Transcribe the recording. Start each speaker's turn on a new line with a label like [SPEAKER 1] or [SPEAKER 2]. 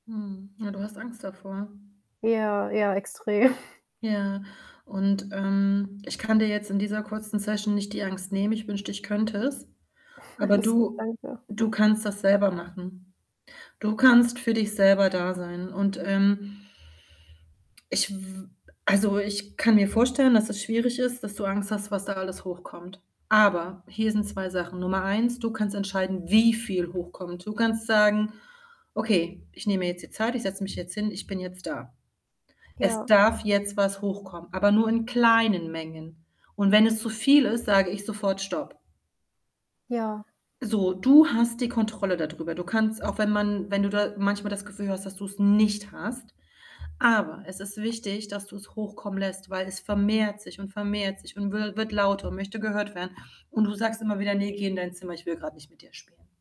[SPEAKER 1] Mhm. Ja, du hast Angst davor.
[SPEAKER 2] Ja, ja, extrem.
[SPEAKER 1] Ja, und, ähm, ich kann dir jetzt in dieser kurzen Session nicht die Angst nehmen, ich wünschte, ich könnte es. Aber
[SPEAKER 2] Alles gut,
[SPEAKER 1] du
[SPEAKER 2] danke.
[SPEAKER 1] du kannst das selber machen. Du kannst für dich selber da sein und, ähm ich w w w b also, ich kann mir vorstellen, dass es schwierig ist, dass du Angst hast, was da alles hochkommt, aber hier sind 2 Sachen. Nummer 1, du kannst entscheiden, wie viel hochkommt. Du kannst sagen: „Okay, ich nehme mir jetzt die Zeit, ich setze mich jetzt hin, ich bin jetzt da. Es
[SPEAKER 2] Ja.
[SPEAKER 1] darf jetzt was hochkommen, aber nur in kleinen Mengen, und wenn es zu viel ist, sage ich sofort stopp.“
[SPEAKER 2] Ja.
[SPEAKER 1] So, du hast die Kontrolle da drüber. Du kannst, auch wenn man wenn du da manchmal das Gefühl hast, dass du's nicht hast, aber es ist wichtig, dass du's hochkommen lässt, weil es vermehrt sich und vermehrt sich und wir wird lauter und möchte gehört werden und du sagst immer wieder: „Ne, geh in dein Zimmer, ich will grad nicht mit dir spielen.“